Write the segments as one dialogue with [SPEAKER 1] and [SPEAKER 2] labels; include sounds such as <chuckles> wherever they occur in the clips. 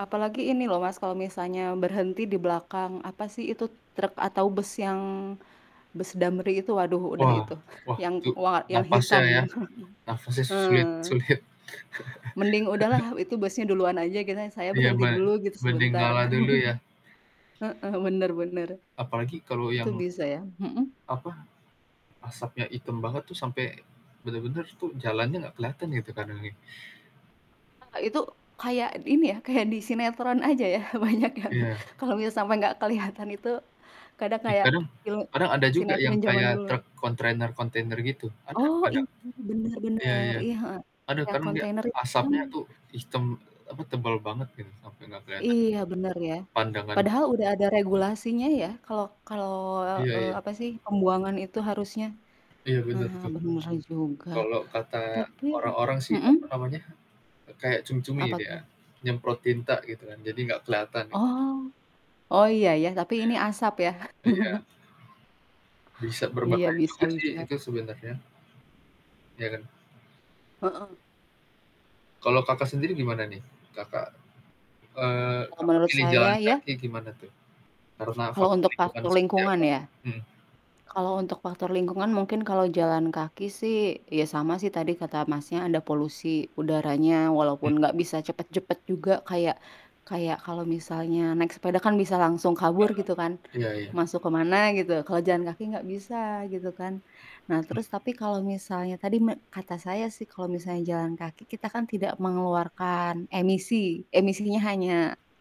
[SPEAKER 1] Apalagi ini loh Mas, kalo misalnya berhenti di belakang. Apa sih itu truk atau bus yang, bus Damri itu, waduh udah
[SPEAKER 2] Wah,
[SPEAKER 1] itu.
[SPEAKER 2] wah
[SPEAKER 1] Yang
[SPEAKER 2] itu,
[SPEAKER 1] wah yang
[SPEAKER 2] napasnya
[SPEAKER 1] hitam.
[SPEAKER 2] ya,
[SPEAKER 1] <chuckles>
[SPEAKER 2] napasnya sulit,
[SPEAKER 1] heeh.
[SPEAKER 2] sulit.
[SPEAKER 1] Mending udah lah,
[SPEAKER 2] <chuckles>
[SPEAKER 1] itu busnya duluan aja gitu, saya
[SPEAKER 2] Iya
[SPEAKER 1] berhenti dulu
[SPEAKER 2] man,
[SPEAKER 1] gitu
[SPEAKER 2] mending
[SPEAKER 1] sebentar.
[SPEAKER 2] ngalah dulu ya.
[SPEAKER 1] <chuckles> heeh, bener bener,
[SPEAKER 2] Apalagi kalau
[SPEAKER 1] itu
[SPEAKER 2] yang
[SPEAKER 1] bisa ya, hmm.
[SPEAKER 2] Apa, asapnya item banget tuh sampe bener-bener tuh, jalannya nggak keliatan gitu kadang ya.
[SPEAKER 1] Ah, itu kayak ini ya, kayak di sinetron aja ya, banyak yang
[SPEAKER 2] Iya.
[SPEAKER 1] kalau misa sampai nggak kelihatan itu, kadang
[SPEAKER 2] Ih,
[SPEAKER 1] kayak,
[SPEAKER 2] kadang,
[SPEAKER 1] film
[SPEAKER 2] kadang ada juga
[SPEAKER 1] sinetron
[SPEAKER 2] yang
[SPEAKER 1] jaman
[SPEAKER 2] kayak
[SPEAKER 1] dulu.
[SPEAKER 2] truk kontainer-kontainer gitu, ada
[SPEAKER 1] Oh,
[SPEAKER 2] ada,
[SPEAKER 1] ini bener
[SPEAKER 2] iya
[SPEAKER 1] bener,
[SPEAKER 2] iya,
[SPEAKER 1] iya heeh,
[SPEAKER 2] ada
[SPEAKER 1] yang
[SPEAKER 2] kan dia
[SPEAKER 1] kontainer itu kadang
[SPEAKER 2] asapnya tuh hitam, apa, tebal banget gitu sampe nggak kelihatan,
[SPEAKER 1] Iya bener ya,
[SPEAKER 2] pandangan.
[SPEAKER 1] padahal udah ada regulasinya ya, kalau kalau,
[SPEAKER 2] Iya
[SPEAKER 1] eee,
[SPEAKER 2] iya.
[SPEAKER 1] apa sih pembuangan itu harusnya,
[SPEAKER 2] Iya bener
[SPEAKER 1] heeh,
[SPEAKER 2] tuh,
[SPEAKER 1] bener juga,
[SPEAKER 2] kalau kata
[SPEAKER 1] tapi
[SPEAKER 2] orang-orang sih
[SPEAKER 1] hmm.
[SPEAKER 2] apa namanya, e kayak cumi-cumi
[SPEAKER 1] Apa
[SPEAKER 2] gitu ya,
[SPEAKER 1] tuh?
[SPEAKER 2] nyemprot tinta gitu kan, jadi nggak keliatan ya.
[SPEAKER 1] Oh, oh iya iya, tapi ini asap ya.
[SPEAKER 2] Iya, iya.
[SPEAKER 1] <chuckles>
[SPEAKER 2] Bisa
[SPEAKER 1] Iya
[SPEAKER 2] berbahaya
[SPEAKER 1] bisa
[SPEAKER 2] juga sih
[SPEAKER 1] bisa.
[SPEAKER 2] itu sebenarnya. Iya kan.
[SPEAKER 1] Heeh.
[SPEAKER 2] Kalau Kakak sendiri gimana nih, Kakak, eee,
[SPEAKER 1] Kalau
[SPEAKER 2] Kakak
[SPEAKER 1] menurut
[SPEAKER 2] pilih jalan
[SPEAKER 1] saya ya.
[SPEAKER 2] kaki gimana tuh, karena
[SPEAKER 1] Kalo
[SPEAKER 2] faktor
[SPEAKER 1] untuk
[SPEAKER 2] lingkungan
[SPEAKER 1] faktor
[SPEAKER 2] seperti
[SPEAKER 1] lingkungan
[SPEAKER 2] apa?
[SPEAKER 1] ya?
[SPEAKER 2] Hmm.
[SPEAKER 1] Kalo untuk faktor lingkungan mungkin kalo jalan kaki sih, ya sama sih tadi kata Masnya ada polusi udaranya,
[SPEAKER 2] Mmm.
[SPEAKER 1] walaupun gak bisa cepet-cepet juga kayak, kayak kalo misalnya naik sepeda kan bisa langsung
[SPEAKER 2] Nah,
[SPEAKER 1] kabur gitu kan,
[SPEAKER 2] iya iya.
[SPEAKER 1] masuk kemana gitu, kalo jalan kaki gak bisa gitu kan, nah
[SPEAKER 2] Mmm.
[SPEAKER 1] terus tapi kalo misalnya tadi me kata saya sih kalo misalnya jalan kaki kita kan tidak mengeluarkan emisi, emisinya hanya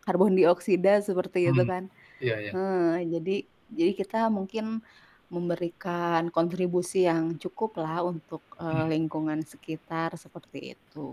[SPEAKER 1] karbon dioksida seperti itu
[SPEAKER 2] Hmm,
[SPEAKER 1] kan,
[SPEAKER 2] iya iya.
[SPEAKER 1] eee, jadi, jadi kita mungkin, memberikan kontribusi yang cukup lah untuk, eee,
[SPEAKER 2] Hmm.
[SPEAKER 1] lingkungan sekitar seperti itu.